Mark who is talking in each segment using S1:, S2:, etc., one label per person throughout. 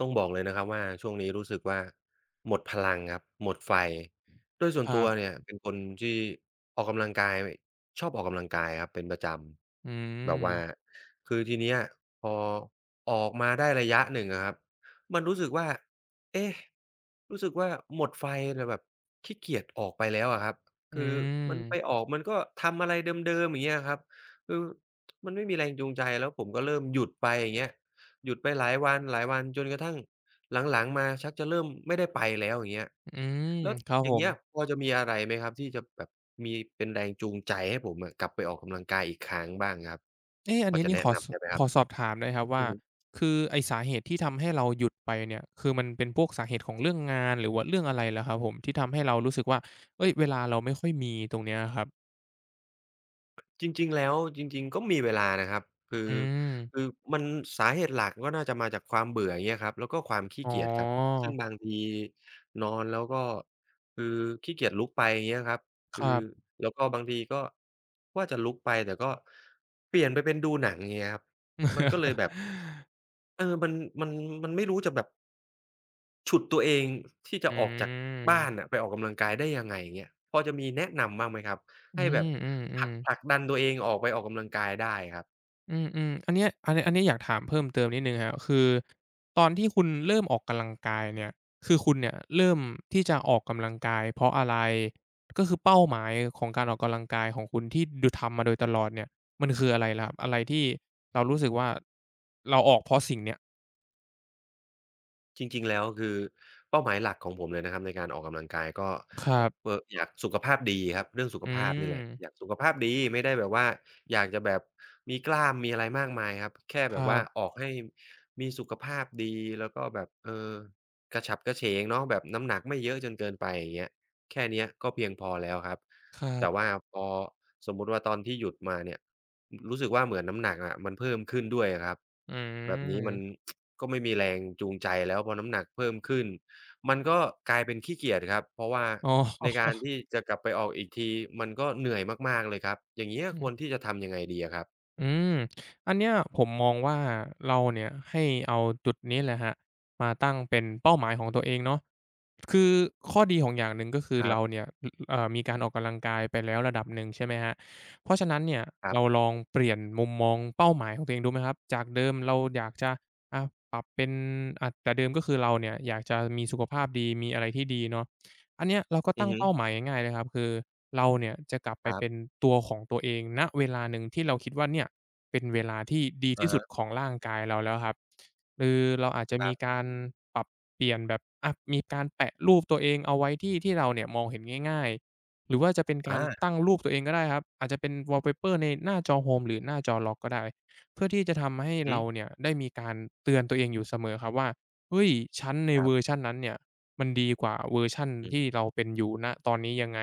S1: ต้องบอกเลยนะครับว่า ช่วงนี้รู้สึกว่าหมดพลังครับ หมดไฟ โดยส่ว
S2: ค
S1: น
S2: ร
S1: ต
S2: ั
S1: ัว
S2: บ
S1: เนี่ยเป็นคนที่ออกกำลังกาย ชอบออกกำลังกายครับเป็นประจ
S2: อื
S1: ำแบบว่า
S2: ม
S1: คือทีเนี้ยพอออกมาได้ระยะ 1 อะครับ มันรู้สึกว่า เอ๊ะ รู้สึกว่าหมดไฟ แต่แบบขี้เกียจ ออกไปแล้วอะครับ
S2: อื
S1: คือมันไป
S2: ม
S1: ออก มันก็ทำอะไรเดิม ๆ อย่างเงี้ยอะครับ คือ มันไม่มีแรงจูงใจ แล้วผมก็เริ่มหยุดไปอย่างเงี้ย หยุดไปหลายวัน หลายวัน จนกระทั่งหลัง ๆ มา ชักจะเริ่มไม่ได้ไปแล้วอย่างเงี้ย
S2: อืม
S1: แล้ว
S2: ครับ
S1: อย่
S2: ผ
S1: างเงี
S2: ม
S1: ้ย พอจะมีอะไรไหมครับ ที่จะแบบมีเป็นแรงจูงใจให้ผมอะ กลับไปออกกำลังกายอีกครั้งบ้างครับ
S2: เอ๊ะ อั
S1: พ
S2: น
S1: อ
S2: นี้
S1: จะ
S2: นี่
S1: แนะ
S2: ขอ
S1: น
S2: ส
S1: ำได้ไหมค
S2: ข
S1: รับ?
S2: อสอบถามหน่อยครับว่
S1: อื
S2: า
S1: อฮึ
S2: คือไอ้สาเหตุที่ทำให้เราหยุดไปเนี่ย คือมันเป็นพวกสาเหตุ ของเรื่องงาน หรือว่าเรื่องอะไรเหรอครับผม ที่ทำให้เรารู้สึกว่า เอ๊ย เวลาเราไม่ค่อยมีตรงเนี้ยครับ?
S1: จริง ๆ แล้ว จริง ๆ ก็มีเวลานะครับ คือ
S2: อืม
S1: คือมันสาเหตุหลัก ก็น่าจะมาจากความเบื่ออย่างเงี้ยครับ แล้วก็ความขี้
S2: อ๋
S1: เกียจครับ ซึ่ง
S2: อ
S1: บางทีนอนแล้ว ก็คือขี้เกียจลุกไปอย่างเงี้ยครับ ค
S2: ค
S1: ือ
S2: รับ
S1: แล้วก็บางทีก็ว่าจะลุกไป แต่ก็เปลี่ยนไปเป็นดูหนังอย่างเงี้ยครับ มันก็เลยแบบ เออ มัน มัน มันไม่รู้จะแบบ ฉุดตัวเอง ที่จ
S2: อ
S1: ะออกจากบ้า
S2: ืม
S1: นอะไปออกกำลังกายได้ยังไงเงี้ย พอจะมีแนะนำบ้างไหมครับ?
S2: อื
S1: ให้แบ
S2: ม
S1: บ
S2: อื
S1: ผลั
S2: อ
S1: ก ผ
S2: ๆ
S1: ลักดันตัวเองออกไปออกกำลังกายได้ครับ
S2: อืม ๆ อันเนี้ย อันเนี้ยอยากถามเพิ่มเติมนิดหนึ่งครับ คือ ตอนที่คุณเริ่มออกกำลังกาย เนี่ย คือคุณเนี่ย เริ่มที่จะออกกำลังกายเพราะอะไร? ก็คือเป้าหมายของการออกกำลังกายของคุณที่ ด ทำมาโดย ตลอดเนี่ย มันคืออะไรล่ะครับ อะไรที่เรารู้สึกว่าเราออกเพราะสิ่งเนี้ย?
S1: จริง ๆ แล้ว คือ เป้าหมายหลักของผมเลยนะครับในการออกกำลังกาย ก็
S2: ครั
S1: อ
S2: บ
S1: เอ่อ อยากสุขภาพดีครับ เรื่องสุข
S2: อื
S1: ภาพนี่แหละ
S2: ม
S1: อยากสุขภาพดีไม่ได้แบบว่า อยากจะแบบมีกล้ามมีอะไรมากมายครับ แค่
S2: ค
S1: แบ
S2: ร
S1: บ
S2: ั
S1: ว่า
S2: บ
S1: ออกให้มีสุขภาพดี แล้วก็แบบ เออ กระฉับกระเฉงเนาะแบบน้ำหนักไม่เยอะจนเกินไปอย่างเงี้ย แค่เนี้ยก็เพียงพอแล้วครับ
S2: ครั
S1: แต
S2: บ
S1: ่ว่าพอสมมุติว่า ตอนที่หยุดมาเนี่ยรู้สึกว่าเหมือนน้ำหนักอะ มันเพิ่มขึ้นด้วยอะครับ
S2: อ
S1: แบบนี้มัน
S2: ืม
S1: ก็ไม่มีแรงจูงใจ แล้วพอน้ำหนักเพิ่มขึ้น มันก็กลายเป็นขี้เกียจครับ เพราะว่า
S2: อ๋
S1: ในการ
S2: อ
S1: ที่จะกลับไปออกอีกทีมันก็เหนื่อยมาก ๆ เลยครับ อย่างเงี้ย
S2: อื
S1: ควร
S2: ม
S1: ที่จะทำยังไงดีอะครับ?
S2: อืม อันเนี้ยผมมองว่า เราเนี่ยให้เอาจุดนี้แหละครับ มาตั้งเป็นเป้าหมายของตัวเองเนาะ คือข้อดีของอย่างหนึ่ง ก็คือ
S1: คร
S2: เ
S1: ั
S2: ร
S1: บ
S2: าเนี่ย เอ่อ มีการออกกำลังกายไปแล้วระดับหนึ่ง ใช่ไหมครับ เพราะฉะนั้นเนี่ย
S1: ครับ
S2: เราลองเปลี่ยนมุมมองเป้าหมายของตัวเองดูไหมครับ? จากเดิมเราอยากจะ อะ ปรับเป็น อะ แต่เดิมก็คือเราเนี่ยอยากจะมีสุขภาพดี มีอะไรที่ดีเนาะ อันเนี้ยเราก็
S1: อ
S2: ต
S1: ื
S2: ั
S1: อ
S2: ้ง
S1: ฮ
S2: เป้า
S1: ึ
S2: หมายง่าย ๆ เลยครับ คือเราเนี่ยจะกลับไป
S1: ครั
S2: เป
S1: บ
S2: ็นตัวของตัวเอง ณ เวลาหนึ่งที่เราคิดว่าเนี่ยเป็นเวลาที่ดี
S1: อ
S2: ที
S1: ะ
S2: ่ส
S1: ฮ
S2: ุด
S1: ะ
S2: ของร่างกายเราแล้วครับ คือเราอาจจะ
S1: คร
S2: ม
S1: ั
S2: ี
S1: บ
S2: การปรับเปลี่ยนแบบ อะ มีการแปะรูปตัวเองเอาไว้ที่ ที่เราเนี่ยมองเห็นง่าย ๆ หรือว่าจะเป็นก
S1: อ
S2: าร
S1: า
S2: ตั้งรูปตัวเองก็ได้ครับ อาจจะเป็นวอลล์เพเปอร์ในหน้าจอโฮมหรือหน้าจอล็อกก็ได้ เพื่อที่จะทำให้
S1: ฮ
S2: เรา
S1: ึ
S2: เนี่ย ได้มีการเตือนตัวเองอยู่เสมอครับว่า เฮ้ย ฉันใน
S1: คร
S2: เ
S1: ั
S2: ว
S1: บ
S2: อร์ชันนั้นเนี่ย มันดีกว่าเวอร์ชัน
S1: อือ
S2: ที่เราเป็นอยู่ ณ ตอนนี้ยังไง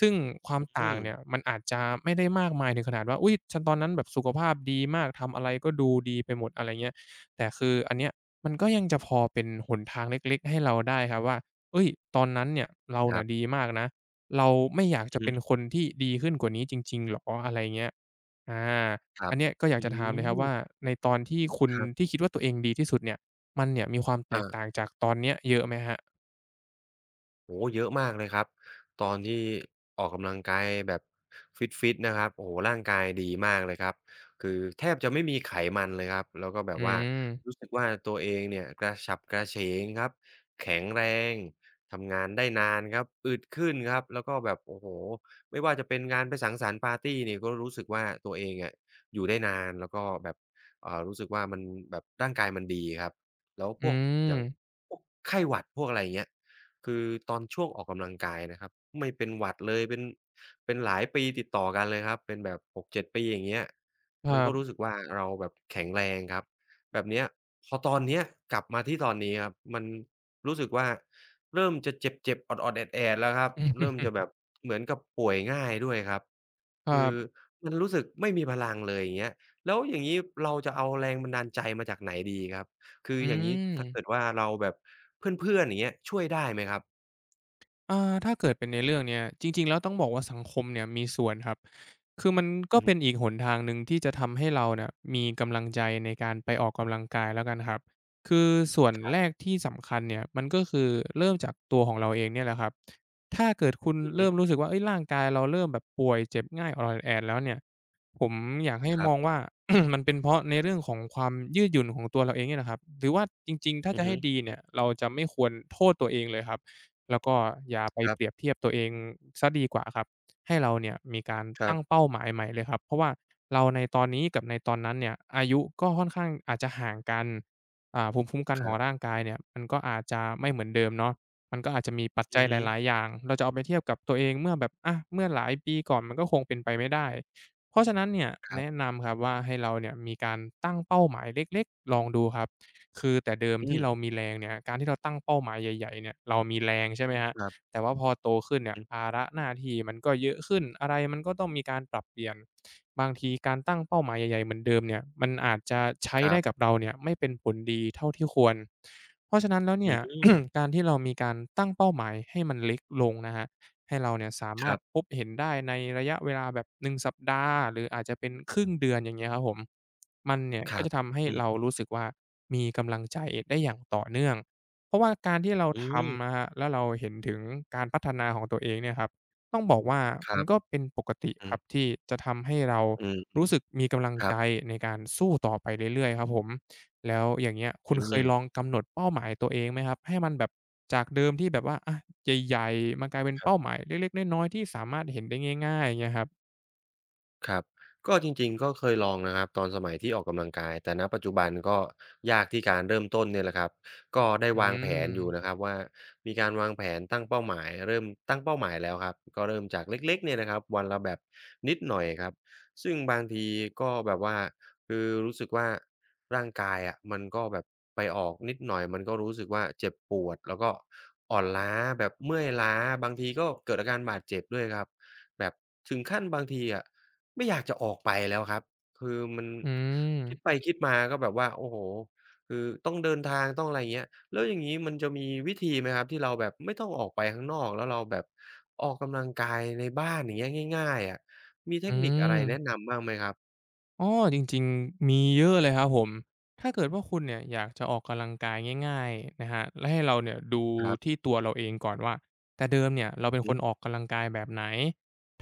S2: ซึ่งควา
S1: อ
S2: ม
S1: ือ
S2: ต
S1: ฮ
S2: ่
S1: ึ
S2: างเนี่ย มันอาจจะไม่ได้มากมายถึงขนาดว่า อุ๊ย ตอนนั้นแบบสุขภาพดีมาก ทำอะไรก็ดูดีไปหมด อะไรอย่างเงี้ย แต่คืออันเนี้ยมันก็ยังจะพอเป็นหนทางเล็ก ๆ ให้เราได้ครับว่า เอ๊ย ตอนนั้นเนี่ย เรา
S1: ครับ
S2: ดีมากนะ เราไม่อยาก
S1: อ
S2: จ
S1: ื
S2: ะ
S1: อฮ
S2: เป็น
S1: ึ
S2: คนที่ดีขึ้นกว่านี้จริง ๆ เหรอ? อะไรอย่างเงี้ย อ่า
S1: คร
S2: อ
S1: ั
S2: ั
S1: บ
S2: นเนี้ยก็อยา
S1: อ
S2: ก
S1: ื
S2: จะถามเลยครับว่
S1: ม
S2: า ในตอนที่คุณ
S1: ครับ
S2: ที่คิดว่าตัวเองดีที่สุดเนี่ย มันเนี่ยมีความแต
S1: อ
S2: กต
S1: า
S2: ่างจากตอนเนี้ยเยอะไหมครับ?
S1: โอ้โฮ เยอะมากเลยครับ ตอนที่ ออกกำลังกายแบบฟิต ๆ นะครับ โอ้โฮ ร่างกายดีมากเลยครับ คือแทบจะไม่มีไขมันเลยครับ แล้วก็แบ
S2: อื
S1: บว่า
S2: ม
S1: รู้สึกว่า ตัวเองเนี่ยกระฉับ กระเฉงครับ แข็งแรง ทำงาน ได้นานครับ อึดขึ้นครับ แล้วก็แบบ โอ้โฮ ไม่ว่าจะเป็นงานไปสังสรรค์ปาร์ตีนี่ ก็รู้สึกว่าตัวเองเนี่ยอยู่ได้นาน แล้วก็แบบ อ่า รู้สึกว่า มันแบบร่างกายมันดีครับ แล้ว
S2: อ
S1: พ
S2: ื
S1: วก อย่าง
S2: ม
S1: พวกไข้หวัดพวก อะไรอย่างเงี้ย คือตอนช่วงออกกำลังกายนะครับ ไม่เป็นหวัดเลย เป็น เป็นหลายปีติดต่อกันเลยครับ เป็นแบบ 6-7 ปี อย่างเงี้ย
S2: ค
S1: ม
S2: ร
S1: ั
S2: ั
S1: นก็
S2: บ
S1: รู้สึกว่า เราแบบแข็งแรงครับแบบเนี้ย พอตอนเนี้ย กลับมาที่ตอนนี้ครับ มันรู้สึกว่าเริ่มจะเจ็บ ๆ ออด ๆ แอด ๆ แล้วครับ เริ่มจะแบบ เหมือนกับป่วยง่ายด้วยครับ
S2: คร
S1: ค
S2: ั
S1: ือ
S2: บ
S1: มันรู้สึกไม่มีพลังเลยอย่างเงี้ย แล้วอย่างงี้เราจะเอาแรงบันดาลใจมาจากไหนดีครับ? คือ
S2: อื
S1: อย่างงี้ถ้าเก
S2: ม
S1: ิดว่าเราแบบเพื่อน ๆ อย่างเงี้ย ช่วยได้ไหมครับ?
S2: อ่า ถ้าเกิดเป็นในเรื่องเนี้ย จริง ๆ แล้วต้องบอกว่าสังคมเนี่ยมีส่วนครับ คือมันก
S1: อ
S2: ็
S1: ือฮ
S2: เป
S1: ึ
S2: ็นอีก หนทางหนึ่งที่จะทำให้เราน่ะ มีกำลังใจในการไปออกกำลังกายแล้วกันครับ คือส่วน
S1: ครั
S2: แ
S1: บ
S2: รกที่สำคัญเนี่ย มันก็คือเริ่มจากตัวของเราเองเนี่ยแหละครับ ถ้า เกิดคุณ
S1: อือฮ
S2: เริ
S1: ึ
S2: ่มรู้สึกว่า เฮ่ย ร่างกายเราเริ่มแบบป่วยเจ็บง่าย ออด ๆ แอด ๆ แล้วเนี่ย ผมอยากให้
S1: ครั
S2: ม
S1: บ
S2: องว่า มันเป็นเพราะในเรื่องของความยืดหยุ่นของตัวเราเองเนี่ยแหละครับ หรือว่าจริง ๆ ถ้า
S1: อื
S2: จ
S1: อ
S2: ะใ
S1: ฮ
S2: ห
S1: ึ
S2: ้ดีเนี่ย เรา จะไม่ควรโทษตัวเองเลยครับ แล้วก็อย่าไป
S1: ครั
S2: เป
S1: บ
S2: รียบเทียบตัวเองเสียดีกว่าครับ ให้เราเนี่ยมีการ
S1: คร
S2: ต
S1: ั
S2: ั้
S1: บ
S2: งเป้าหมายใหม่เลยครับ เพราะว่าเราในตอนนี้กับในตอนนั้นเนี่ย อายุก็ค่อนข้างอาจจะห่างกัน อ่า ภูมิคุ้มกัน
S1: ค
S2: ข
S1: ร
S2: อ
S1: ั
S2: ง
S1: บ
S2: ร่างกายเนี่ย มันก็อาจจะไม่เหมือนเดิมเนาะ มันก็อาจจะมีปัจ
S1: อ
S2: จ
S1: ื
S2: ั
S1: อ
S2: ย
S1: ฮ
S2: ห
S1: ึ
S2: ลาย ๆ อย่าง เราจะเอาไปเทียบกับตัวเองเมื่อแบบ อา เมื่อหลายปีก่อน มันก็คงเป็นไปไม่ได้ เพราะฉะนั้นเนี่ย
S1: คร
S2: แ
S1: ั
S2: น
S1: บ
S2: ะนำครับว่า ให้เราเนี่ยมีการตั้งเป้าหมายเล็ก ๆ ลองดูครับ คือแต่เดิม
S1: อื
S2: ที่
S1: ม
S2: เรามีแรงเนี่ย การที่เราตั้งเป้าหมายใหญ่ ๆ เนี่ย เรามีแรง ใช่ไหมครับ
S1: ครับ
S2: แต่ว่าพอ โตขึ้น
S1: อื
S2: เนี
S1: อ
S2: ่ย
S1: ฮึ
S2: ภาระหน้าที่ มันก็เยอะขึ้น อะไรมันก็ต้องมีการปรับเปลี่ยน บางทีการตั้งเป้าหมายใหญ่ ๆ เหมือนเดิมเนี่ย มันอาจจะใช้
S1: คร
S2: ได
S1: ั
S2: ้
S1: บ
S2: กับเราเนี่ย ไม่เป็นผลดีเท่าที่ควร เพราะฉะนั้นแล้วเน
S1: อ
S2: ี่
S1: ื้อ
S2: ย
S1: ฮือ
S2: การที่เรามีการตั้งเป้าหมาย ให้มันเล็กลงนะครับ ให้เราเนี่ยสาม
S1: ค
S2: า
S1: ร
S2: ร
S1: ั
S2: ถ
S1: บ
S2: พบเห็นได้ในระยะเวลาแบบ 1 สัปดาห์ หรืออาจจะเป็นครึ่งเดือน อย่างเงี้ยครับผม มันเนี่ย
S1: ค
S2: ก
S1: ร
S2: ็
S1: ั
S2: จ
S1: บ
S2: ะทำให้
S1: อื
S2: เร
S1: ม
S2: า รู้สึกว่ามีกำลังใจได้อย่างต่อเนื่อง เพราะว่าการที่เรา
S1: อื
S2: ท
S1: ม
S2: ำนะครับ แล้วเราเห็นถึงการพัฒนาของตัวเองเนี่ยครับ ต้องบอกว่า
S1: คร
S2: ม
S1: ั
S2: ัน
S1: บ
S2: ก็เป็นปกติ
S1: อื
S2: ครั
S1: ม
S2: บ ที่จะทำให้เรา
S1: อืม อื
S2: ร
S1: อ
S2: ู้สึกมีกำลัง
S1: ครั
S2: ใจ
S1: บ
S2: ในการสู้ต่อไปเรื่อย ๆ ครับผม แล้วอย่างเงี้ย คุ
S1: อ
S2: ณ
S1: ื
S2: เคยล
S1: ม
S2: องกำหนดเป้าหมายตัวเองไหมครับ ให้มันแบบจากเดิมที่แบบว่า อา ใหญ่ ๆ มากลายเป็น
S1: ค
S2: เ
S1: รั
S2: ป้
S1: บ
S2: าหมายเล็ก ๆ น้อย ๆ ที่สามารถเห็นได้ง่าย ๆ อย่างเงี้ยครับ?
S1: ครับ ก็จริง ๆ ก็เคยลองนะครับตอนสมัยที่ ออกกำลังกาย แต่ ณ ปัจจุบันก็ยากที่การเริ่มต้นเนี่ยแหละครับ ก็ได้
S2: อื
S1: วางแผนอยู่
S2: ม
S1: นะครับว่า มีการวางแผนตั้งเป้าหมาย เริ่มตั้งเป้าหมายแล้วครับ ก็เริ่มจากเล็ก ๆ เนี่ยนะครับ วันละแบบนิดหน่อยครับ ซึ่งบางทีก็แบบว่าคือรู้สึกว่า ร่างกายอะมันก็แบบไปออกนิดหน่อย มันก็รู้สึกว่าเจ็บปวด แล้วก็อ่อนล้าแบบเมื่อยล้า บางทีก็ เกิดอาการบาดเจ็บด้วยครับ แบบถึงขั้นบางทีอะ ไม่อยากจะออกไปแล้วครับ คือมัน
S2: อื
S1: คิ
S2: ม
S1: ดไปคิดมาก็แบบว่า โอ้โฮ คือต้องเดินทางต้อง อะไรเงี้ย แล้วอย่างงี้มันจะมีวิธีไหมครับ ที่เราแบบไม่ต้องออกไปข้างนอก แล้วเราแบบออกกำลังกายในบ้าน อย่างเงี้ย ง่าย ๆ อะ มีเท
S2: อื
S1: คนิคอะไรแน
S2: ม
S1: ะนำบ้างไหมครับ?
S2: อ้อ จริง ๆ มีเยอะเลยครับผม ถ้าเกิดว่าคุณเนี่ยอยากจะออกกำลังกายง่าย ๆ นะครับ แล้วให้เราเนี่ย ดู
S1: ครับ
S2: ที่ตัวเราเองก่อนว่า แต่เดิมเนี่ยเรา
S1: อ
S2: เป
S1: ื
S2: ็
S1: อ
S2: น
S1: ฮ
S2: ค
S1: ึ
S2: นออกกำลังกายแบบไหน?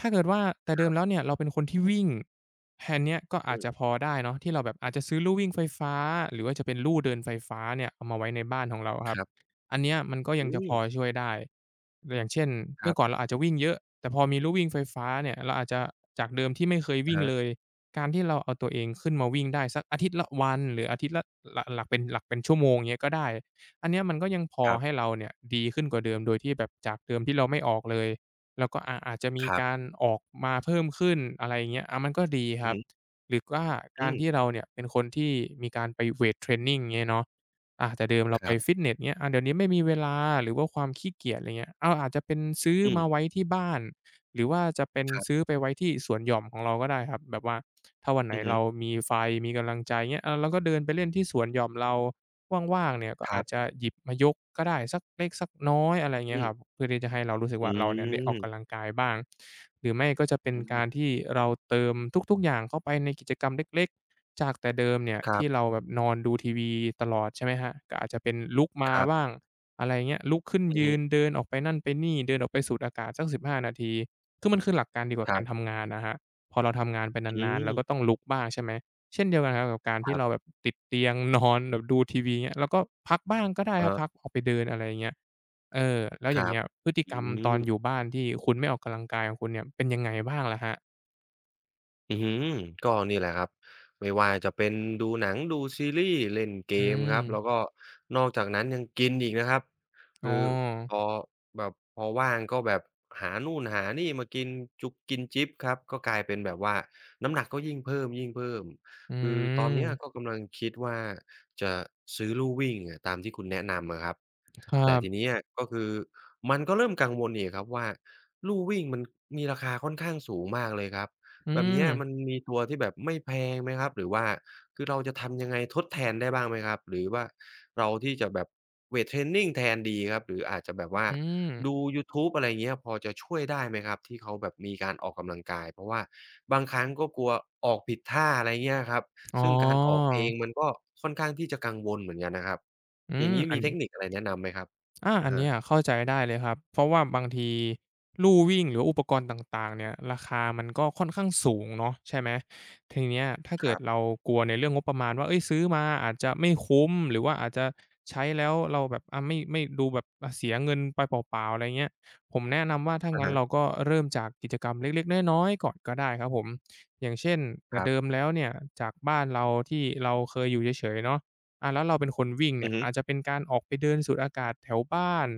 S2: ถ้าเกิดว่าแต่เด
S1: ค
S2: ิ
S1: รับ
S2: มแล้วเนี่ย เราเป็นคนที่วิ่ง แฮเนี้ยก็อ
S1: อ
S2: า
S1: ื
S2: จจ
S1: ม
S2: ะพอได้เนาะ ที่เราแบบอาจจะซื้อลู่วิ่งไฟฟ้า หรือว่าจะเป็นลู่เดินไฟฟ้าเนี่ยเอามาไว้ในบ้านของเราอะค
S1: ค
S2: รับ
S1: รับ
S2: อันเนี้ยมันก็ย
S1: อ
S2: ั
S1: ื
S2: งจะพอ
S1: ม
S2: ช่วยได้ ตัวอย่างเช่น
S1: ค
S2: เม
S1: ร
S2: ื่
S1: ับ
S2: อก่อนเราอาจจะวิ่งเยอะ แต่พอมีลู่วิ่งไฟฟ้าเนี่ย เราอาจจะจากเดิมที่ไม่เคย
S1: อ
S2: วิ
S1: ะ
S2: ่ง
S1: ฮะ
S2: เลย การที่เราเอาตัวเองขึ้นมาวิ่งได้สักอาทิตย์ละวัน หรืออาทิตย์ละ หละ หลักเป็น หลักเป็นชั่วโมงเงี้ย ก็ได้ อันเนี้ยมันก็ยังพอ
S1: ครับ
S2: ให้เราเนี่ยดีขึ้นกว่า เดิม โดยที่แบบจากเดิมที่เราไม่ออกเลย เราก็ อ่า อาจจะมี
S1: ครั
S2: ก
S1: บ
S2: ารออกมาเพิ่มขึ้น อะไรเงี้ย อ่า มันก็ดีค
S1: อื
S2: ร
S1: อ
S2: ั
S1: ฮ
S2: บ
S1: ึ
S2: หรือว่า
S1: อ
S2: ก
S1: ื
S2: าร
S1: ม
S2: ที่เราเนี่ยเป็นคนที่มีการไปเวตเทรนนิง เงี้ยเนาะ อะ แต่เดิมเรา
S1: คร
S2: ไป
S1: ับ
S2: ฟิตเนส เงี้ย อ่า เดี๋ยวนี้ไม่มีเวลา หรือว่าความขี้เกียจ ไรเงี้ย อา อาจจะเป็นซื้อ
S1: อื
S2: มา
S1: ม
S2: ไว้ที่บ้าน หรือว่าจะเป็น
S1: ครับ
S2: ซื้อไปไว้ที่สวนหย่อมของเราก็ได้ครับ แบบว่า ถ้าวันไห
S1: อ
S2: น
S1: ือฮ
S2: เ
S1: ึ
S2: รามีไฟมีกำลังใจ เงี้ย อา เราก็เดินไปเล่นที่สวนหย่อมเรา ว่าง ๆ เนี่ยก็
S1: ค
S2: อ
S1: ร
S2: า
S1: ั
S2: จ
S1: บ
S2: จะหยิบมายกก็ได้สักเล็กสักน้อย อะไรเง
S1: อ
S2: ี้ยค
S1: ืม
S2: รับ เพื่อที่จะให้เรารู้สึก
S1: อ
S2: ว่า เรา เนี่ยได้ออกก
S1: ืม
S2: ำลังกายบ้าง หรือไม่ก็จะเป็
S1: อ
S2: น
S1: ื
S2: ก
S1: ม
S2: ารที่เราเติมทุก ๆ อย่างเข้าไปในกิจกรรมเล็ก ๆ จากแต่เดิมเนี่ย
S1: คร
S2: ท
S1: ับ
S2: ี่เราแบบนอนดูทีวีตลอด ใช่ไหมครับ ก็อาจจะเป็นลุกมา
S1: ครับ
S2: บ้าง อะไรเงี้ย ลุกขึ้น
S1: อือ
S2: ย
S1: ฮ
S2: ื
S1: ึ
S2: น เดินออกไปนั่นไปนี่ เดินออกไปสูดอากาศสัก 15 นาที คือ มันคือหลักการเดียวกันกั
S1: ค
S2: บ
S1: ร
S2: ก
S1: ั
S2: าร
S1: บ
S2: ทำงานนะครับ พอเราทำงานไป
S1: อื
S2: นาน ๆ เรา
S1: ม
S2: ก็ต้องลุกบ้าง ใช่ไหม เช่นเดียวกันครับกับการท
S1: ค
S2: ี่
S1: รั
S2: เ
S1: บ
S2: ราแบบ ติดเตียงนอนแบบดูทีวีเงี้ย เราก็พักบ้างก็ได้
S1: อื
S2: ค
S1: อ
S2: รั
S1: ฮ
S2: บ
S1: ึ
S2: พัก ออกไปเดิน อะไรเงี้ย เออ แล้ว
S1: ค
S2: อย
S1: ร
S2: ่างเ
S1: ั
S2: ง
S1: บ
S2: ี้ย พฤติ
S1: อื
S2: กรรมตอน
S1: ม
S2: อยู่บ้านที่คุณไม่ออกกำลังกายของคุณเนี่ย เป็นยังไงบ้างล่ะครับ?
S1: อื้อฮือ ก็นี่แหละครับ ไม่ว่าจะเป็นดูหนัง ดูซีรีส์ เล่นเก
S2: อื
S1: มครับ แล
S2: ม
S1: ้วก็นอกจากนั้น ยังกินอีกนะครับ
S2: อ
S1: ค
S2: ้
S1: ือ
S2: อ
S1: พอ แบบพอว่างก็แบบหานู่นหานี่มากินจุ๊กกินจิ๊บครับ ก็กลายเป็นแบบว่า น้ำหนักก็ยิ่งเพิ่ม
S2: อื
S1: ๆ คือตอนเนี้ย
S2: ม
S1: ก็กำลังคิดว่าจะซื้อลู่วิ่งอะ ตามที่คุณแนะนำอะครับ
S2: ครั
S1: แต่ท
S2: บ
S1: ีเนี้ย ก็คือมันก็เริ่มกังวลอีกครับว่า ลู่วิ่งมันมีราคาค่อนข้างสูงมากเลยครับ
S2: อื
S1: แบบเนี้ย
S2: ม
S1: มันมีตัวที่แบบไม่แพงไหมครับ? หรือว่าคือเราจะทำยังไงทดแทนได้บ้างไหมครับ? หรือว่าเราที่จะแบบเวตเทรนนิงแทนดีครับ? หรืออาจจะแบบว่า
S2: อืม
S1: ดูยูทูบ อะไรเงี้ย พอจะช่วยได้ไหมครับ? ที่เขาแบบมีการออกกำลังกาย เพราะว่าบางครั้งก็กลัวออกผิดท่า อะไรเงี้ยอะครับ
S2: อ๋
S1: ซ
S2: อ
S1: ึ่งการออกเอง มันก็ค่อนข้างที่จะกังวลเหมือนกันนะครับ
S2: อื
S1: อย่
S2: ม
S1: างงี้
S2: อั
S1: มี
S2: น
S1: เทคนิค อะไรแนะนำไหมครับ?
S2: อ่า
S1: อ
S2: อั
S1: ะ
S2: น
S1: ฮ
S2: เนี
S1: ะ
S2: ้ยอะเข้าใจได้เลยครับ เพราะว่าบางที ลู่วิ่งหรืออุปกรณ์ต่าง ๆ เนี่ย ราคามันก็ค่อนข้างสูงเนาะ ใช่ไหม ทีเนี้ยถ้าเก
S1: ค
S2: ิ
S1: รั
S2: ด
S1: บ
S2: เรากลัว ในเรื่องงบประมาณว่า เฮ่ย ซื้อมาอาจจะไม่คุ้ม หรือว่าอาจจะ ใช้แล้วเราแบบ อะ ไม่ ไม่ ดูแบบ อะ เสียเงินไปเปล่า ๆ อะไรเงี้ย ผมแนะนำว่า ถ้า
S1: อะ
S2: งั
S1: ฮ
S2: ้น
S1: ะ
S2: เราก็เริ่มจากกิจกรรมเล็ก ๆ น้อย ๆ ก่อนก็ได้ครับผม อย่างเช่น แต
S1: ค
S2: ่
S1: รั
S2: เ
S1: บ
S2: ดิมแล้วเนี่ยจากบ้านเราที่เราเคยอยู่เฉย ๆ เนาะ อะ แล้วเราเป็นคนวิ่งเน
S1: อื
S2: ี่
S1: อ
S2: ย
S1: ฮึ
S2: อาจจะเป็นการออกไปเดินสูดอากาศแถวบ้าน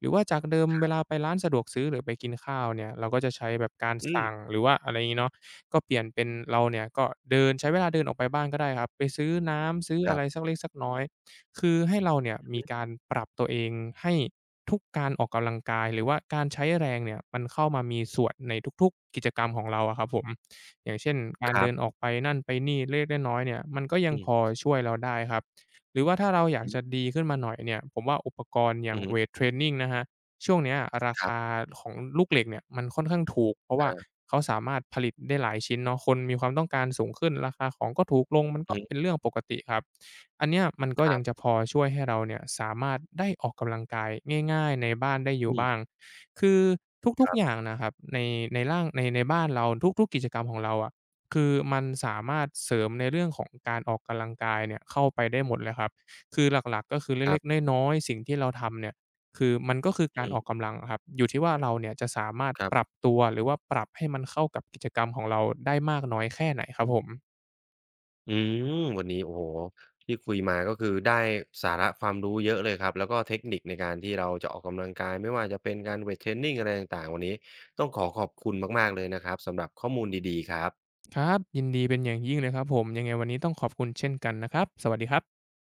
S2: หรือว่าจากเดิม
S1: คร
S2: เว
S1: ับ
S2: ลาไปร้านสะดวกซื้อ หรือไปกินข้าวเนี่ย เราก็จะใช้แบบการ
S1: อ
S2: ส
S1: ืม
S2: ั่ง หรือว่าอะไรงี้เนาะ ก็เปลี่ยนเป็นเราเนี่ยก็เดิน ใช้เวลาเดินออกไปบ้างก็ได้ครับ ไปซื้อน้ำ ซื้อ
S1: คร
S2: อะ
S1: ั
S2: ไร
S1: บ
S2: สักเล็กสักน้อย คือให้เราเนี่ย
S1: อือ
S2: ม
S1: ฮึ
S2: ีการปรับตัวเอง ให้ ทุกการออกกำลังกาย หรือว่าการใช้แรงเนี่ย มันเข้ามามีส่วนในทุก ๆ กิจกรรมของเราอะครับผม อย่างเช่น ก
S1: ค
S2: าร
S1: ร
S2: เด
S1: ั
S2: ิ
S1: บ
S2: นออกไปนั่นไปนี่เล็ก ๆ น้อย ๆ เนี่ย มันก็ยั
S1: อ
S2: ง
S1: ื
S2: พอ
S1: ม
S2: ช่วยเราได้ครับ หรือว่าถ้าเราอยา
S1: อ
S2: ก
S1: ือฮ
S2: จ
S1: ึ
S2: ะดีขึ้นมาหน่อยเนี่ย ผมว่าอุปกรณ์อย่
S1: อื
S2: า
S1: อ
S2: ง
S1: ฮ
S2: เว
S1: ึ
S2: ตเทรนนิงนะครับ ช่วงเนี้ย รา
S1: ค
S2: ค
S1: รับ
S2: าของลูกเหล็กเนี่ย มันค่อนข้างถูก เพราะว่า
S1: เออ
S2: เขาสามารถผลิตได้หลายชิ้นเนาะ คนมีความต้องการสูงขึ้น ราคาของก็ถูกลง มันก
S1: อื
S2: ็
S1: อฮึ
S2: เป็นเรื่องปกติครับ อันเนี้ยมันก็
S1: คร
S2: ย
S1: ั
S2: ั
S1: บ
S2: งจะพอช่วยให้เราเนี่ย สามารถได้ออกกำลังกายง่าย ๆ ในบ้านได้อย
S1: อ
S2: ู่
S1: ื
S2: บ
S1: ม
S2: ้าง คือทุ
S1: ค
S2: ก
S1: ร
S2: ๆ
S1: ั
S2: อย่าง
S1: บ
S2: นะครับ ใน ในร่าง ใน ในบ้านเรา ทุก ๆ กิจกรรมของเราอะ คือมันสามารถเสริมในเรื่องของการออกกำลังกายเนี่ยเข้าไปได้หมดเลยครับ คือหลัก ๆ ก็คือเ
S1: คร
S2: ล
S1: ั
S2: ็
S1: บ
S2: ก ๆ น้อย ๆ สิ่งที่เราทำเนี่ย คือ มันก็คือก
S1: อ
S2: าร
S1: ืม
S2: ออกกำลังอะครับ อยู่ที่ว่าเราเนี่ยจะสามารถ
S1: ครับ
S2: ปรับตัว หรือว่าปรับให้มันเข้ากับกิจกรรมของเราได้มากน้อยแค่ไหนครับผม
S1: อืม วันนี้ โอ้โฮ ที่คุยมาก็คือได้สาระความรู้เยอะเลยครับ แล้วก็เทคนิคในการที่เราจะออกกำลังกาย ไม่ว่าจะเป็นการเวตเทรนนิงอะไรต่าง ๆ วันนี้ต้องขอขอบคุณมาก ๆ เลยนะครับ สำหรับข้อมูลดี ๆ ครับ
S2: ครับ ยินดีเป็นอย่างยิ่งเลยครับผม ยังไงวันนี้ต้องขอบคุณเช่นกันนะครับ สวัสดีครับ